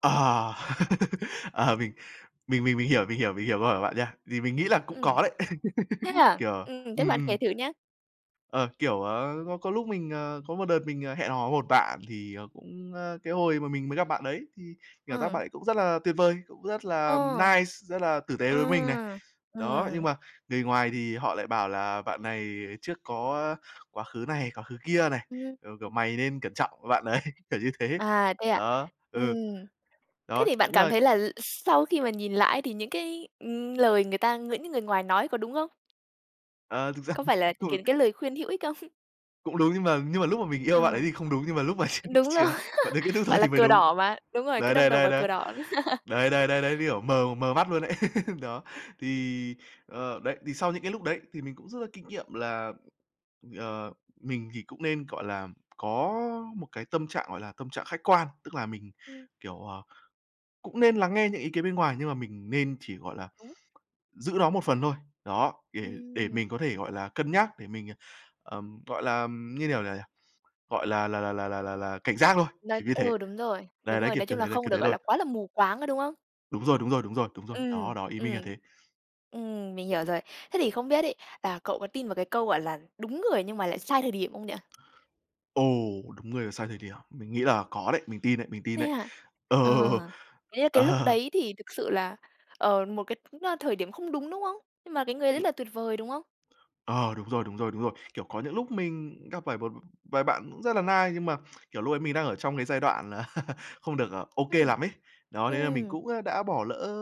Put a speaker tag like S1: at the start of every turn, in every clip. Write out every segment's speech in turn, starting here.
S1: Ờ. Ờ, mình mình mình mình hiểu mình hiểu mình hiểu câu hỏi bạn nha. Thì mình nghĩ là cũng
S2: Ừm.
S1: có đấy.
S2: Thế à?
S1: Kiểu
S2: Ừm, thế
S1: ừm,
S2: bạn kể
S1: ừm.
S2: thử nha.
S1: Ờ, kiểu, ờ, có có lúc mình, ờ, có một đợt mình, ờ, hẹn hò với một bạn thì, ờ, cũng, ờ, cái hồi mà mình mới gặp bạn đấy, thì cảm giác
S2: Ừm.
S1: bạn ấy cũng rất là tuyệt vời, cũng rất là
S2: Ờ.
S1: nice, rất là tử tế
S2: Ờ,
S1: với mình này. Đó, nhưng
S2: ừm.
S1: mà người ngoài thì họ lại bảo là bạn này trước có quá khứ này, quá khứ kia này,
S2: Ừm,
S1: ờ, kiểu:
S2: ừm.
S1: "Mày nên cẩn trọng với bạn đấy", kiểu như thế.
S2: À, thế à?
S1: Đó, ừ.
S2: Ừm. Thế
S1: Đó,
S2: thì bạn
S1: đúng
S2: cảm
S1: là
S2: thấy là sau khi mà nhìn lại ấy thì những cái, ừm, lời người ta những người ngoài nói có đúng không?
S1: Ờ, thực ra
S2: Có phải là cái
S1: [unintelligible]
S2: cái lời khuyên hữu ích không?
S1: Cũng đúng, nhưng mà nhưng mà lúc mà mình yêu bạn ấy
S2: Ờ.
S1: thì không đúng, nhưng mà lúc mà chia
S2: Đúng rồi,
S1: chia bạn ấy kết thúc rồi
S2: gọi là
S1: thì mới
S2: cờ
S1: đúng.
S2: đỏ mà, đúng rồi, cứ
S1: Đấy,
S2: đâm
S1: đấy,
S2: đầu
S1: đấy,
S2: vào
S1: đấy.
S2: cờ đỏ.
S1: Đấy, đấy, đấy, đấy, cái kiểu mờ mờ mắt luôn đấy, đó.
S2: Ừm.
S1: Thì, ờ, đấy, thì sau những cái lúc đấy thì mình cũng rút ra kinh nghiệm là, ờ, mình thì cũng nên, gọi là, có một cái tâm trạng gọi là tâm trạng khách quan, tức là mình,
S2: Ừm.
S1: kiểu, ờ, cũng nên lắng nghe những ý kiến bên ngoài nhưng mà mình nên chỉ, gọi là,
S2: Đúng.
S1: giữ nó một phần thôi. Đó, để để
S2: Ừm.
S1: mình có thể, gọi là, cân nhắc, để mình, ờ, ừm, gọi là, như kiểu nào nhỉ, gọi là là là là là là cảnh giác thôi,
S2: Nói
S1: kiểu như thế.
S2: ờ, đúng rồi,
S1: Đấy,
S2: đúng
S1: đấy,
S2: rồi,
S1: kiểu,
S2: nói
S1: kiểu
S2: chung là
S1: thế, đấy,
S2: không
S1: kiểu
S2: được,
S1: thế
S2: gọi
S1: thôi.
S2: là, quá là mù quáng, có đúng không?
S1: Đúng rồi, đúng rồi, đúng rồi, đúng rồi.
S2: Ừm,
S1: Đó, đó, ý mình là
S2: ừm.
S1: thế.
S2: Ừm, mình hiểu rồi. Thế thì không biết ấy là cậu có tin vào cái câu gọi là "Đúng người nhưng mà lại sai thời điểm" không nhỉ?
S1: Ồ, đúng người mà sai thời điểm. Mình nghĩ là có đấy, mình tin đấy, mình tin
S2: Thế
S1: đấy.
S2: hả?
S1: Ờ.
S2: Ờ, thế là cái lúc
S1: Ờ
S2: đấy thì thực sự là, ờ, một cái tính ra thời điểm không đúng, đúng không? Nhưng mà cái người đấy
S1: Ừm.
S2: là tuyệt vời, đúng không?
S1: Ờ, đúng rồi, đúng rồi, đúng rồi. Kiểu, có những lúc mình gặp phải một vài bạn cũng rất là nice nhưng mà, kiểu, lúc ấy mình đang ở trong cái giai đoạn là không được, à, OK
S2: Ừm,
S1: lắm ấy. Đó, thế là mình
S2: ừm.
S1: cũng, à, đã bỏ lỡ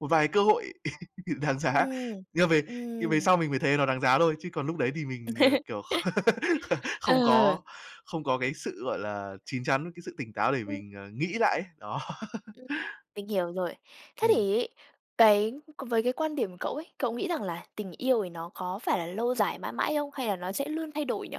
S1: một vài cơ hội đáng giá.
S2: Ừm,
S1: Nhưng về thì về sau
S2: ừm.
S1: mình mới thấy nó đáng giá thôi, chứ còn lúc đấy thì mình, ờ, kiểu, kh không
S2: Ờ.
S1: có không có cái sự, gọi là, chín chắn, cái sự tỉnh táo để
S2: Ừm.
S1: mình, à, nghĩ lại ấy. Đó.
S2: Ừm, mình hiểu rồi. Thế
S1: Ừm.
S2: thì ấy, cái, còn về cái quan điểm cậu ấy, cậu nghĩ rằng là tình yêu thì nó có phải là lâu dài mãi mãi không hay là nó sẽ luôn thay đổi nhỉ?